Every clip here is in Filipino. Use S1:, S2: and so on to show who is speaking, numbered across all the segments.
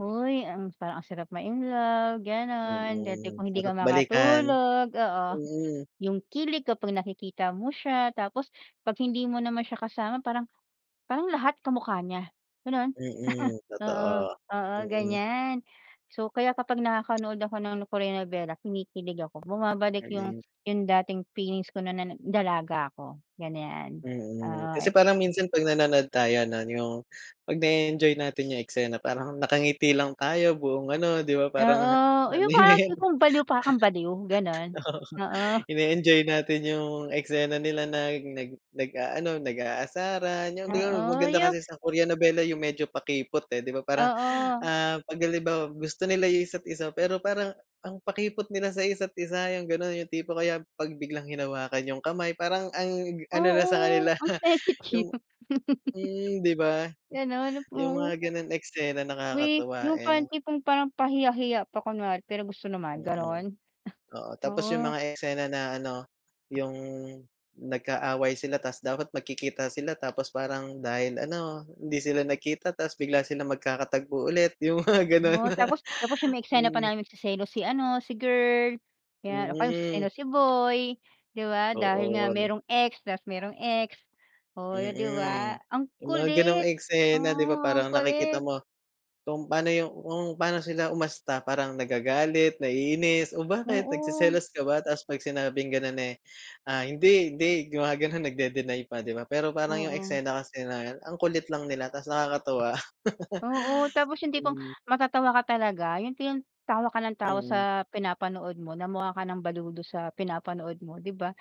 S1: Hoy, ang parang ang sarap ma-in love, ganun. Dati
S2: Mm.
S1: kung hindi
S2: Sarap
S1: ka
S2: balikan,
S1: makatulog, oo.
S2: mm.
S1: Yung kilig kapag nakikita mo siya. Tapos, 'pag hindi mo naman siya kasama parang parang lahat kamukha niya, ganon.
S2: Mm,
S1: Oo,
S2: totoo.
S1: oo,
S2: Mm.
S1: ganyan. So, kaya kapag nakakanood ako ng Korean nobela, kinikilig ako. Bumabalik yung
S2: Ayun.
S1: yung dating feelings ko no'n na dalaga ako, ganyan.
S2: Mm.
S1: Oo
S2: Kasi
S1: eh.
S2: parang minsan, 'pag nanonood tayo ano yung 'pag nae-enjoy natin yung eksena parang nakangiti lang tayo buong ano, di ba, parang
S1: Oo, yung
S2: ano na
S1: parang
S2: 'yan,
S1: tipong baliw para kang baliw, ganon.
S2: oo.
S1: Oo.
S2: Ine-enjoy natin yung eksena nila nag nag nag-aano nag-aasaran yung di ba, ma
S1: Oo,
S2: maganda
S1: yung
S2: kasi sa Korean nobela yung medyo pakipot eh, di ba? Parang
S1: Oo.
S2: ah, 'pag halimbawa gusto nila yung isa't-isa pero parang, ang pakipot nila sa isa't-isa, yung ganon. Yung tipo, kaya 'pag biglang hinawakan yung kamay parang, ang ano na sa
S1: Oo,
S2: kanila
S1: ang sensitive.
S2: yung hmm, di ba?
S1: Ganon,
S2: Yung
S1: oo.
S2: mga ganong eksena,
S1: We,
S2: nakakatuwa
S1: yung
S2: eh.
S1: parang tipong parang pahiya-hiya pa kunwari pero gusto naman,
S2: Mm.
S1: ganun.
S2: Oo, tapos yung
S1: Oo.
S2: mga eksena na ano yung nag-aaway sila. Tas, dapat magkikita sila tapos parang, dahil ano hindi sila nagkita tapos bigla silang magkakatagpo ulit, yung mga ganun.
S1: Oh, tapos tapos yung may eksena pa
S2: Mm.
S1: namin magseselos si ano si girl, 'yan, o kaya
S2: Mhm.
S1: magseselos si boy, di ba? Dahil
S2: Oo,
S1: nga
S2: ano.
S1: merong ex, tas merong ex, oh, di ba?
S2: Mm.
S1: Ang
S2: Yung mga
S1: kulit.
S2: ganong eksena, di
S1: Oo,
S2: ba,
S1: ang
S2: parang nakikita
S1: kulit.
S2: mo, kung paano yung kung pano sila umasta. Parang nagagalit, naiinis, "O bakit
S1: Oo.
S2: nagseselos ka ba?" Tapos 'pag sinabing ganun eh, ah, "Hindi, hindi" gumaganun, nagde-deny pa, di ba? Pero parang yung
S1: Oo.
S2: eksena kasi na ang kulit lang nila tapos nakakatuwa.
S1: Oo. Tapos, yung tipong
S2: Hmm.
S1: matatawa ka talaga. Yung tin tawa ka ng tawa
S2: Mm.
S1: sa pinapanood mo, na mukha ka ng baliw dun sa pinapanood mo, di ba?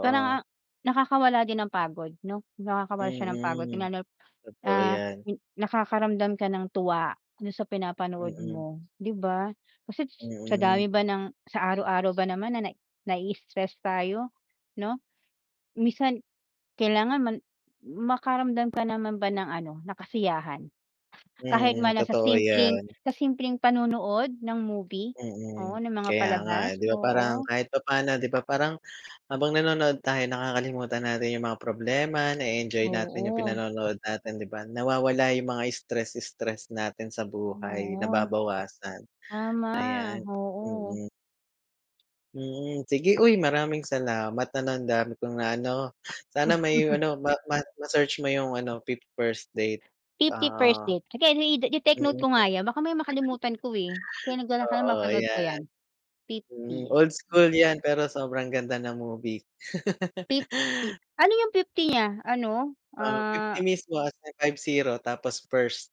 S1: Parang ang nakakawala din ng pagod, no? Nakakawala siya ng pagod yun
S2: Mm,
S1: nga,
S2: totoo
S1: ah,
S2: 'yan.
S1: yung nakakaramdam ka ng tuwa dun sa pinapanood
S2: Mm.
S1: mo, di ba? Kasi sa
S2: Mm.
S1: dami ba ng sa araw-araw ba naman na nai-stress tayo, 'no? Minsan kailangan man makaramdam ka naman ba ng ano, na kasiyahan. Kahit man
S2: Mhm,
S1: lang sa
S2: totoo
S1: simpleng
S2: 'yan.
S1: sa simpleng panonood ng movie, oo,
S2: Mm,
S1: ng mga
S2: kaya nga
S1: palabas,
S2: eh, di ba parang,
S1: oo.
S2: kahit papano, di ba, parang habang nanonood tayo, nakakalimutan natin yung mga problema, nae-enjoy natin yung
S1: Oo.
S2: pinanonood natin, di ba? Nawawala yung mga stress-stress natin sa buhay,
S1: Noon.
S2: nababawasan,
S1: Tama,
S2: ayan.
S1: oo.
S2: Mm. Mm, sige uy, maraming salamat ano. Ang dami kong naano, sana may ano ma ma ma-search mo yung ano, "50 First Date",
S1: Fifty first
S2: oo.
S1: date, sige i ite-take note
S2: Mhm,
S1: ko nga yan, baka mamaya makalimutan ko eh. Kaya nagdala ka ng
S2: Oo
S1: mapanood ko
S2: 'yan.
S1: 'yan, fifty.
S2: Hmm,
S1: 50
S2: old
S1: Hmm.
S2: school 'yan, pero sobrang ganda ng movie.
S1: Fifty, 50 ano yung fifty 50 niya? Ano,
S2: Ah, 50
S1: ah
S2: mismo as in five zero tapos, first.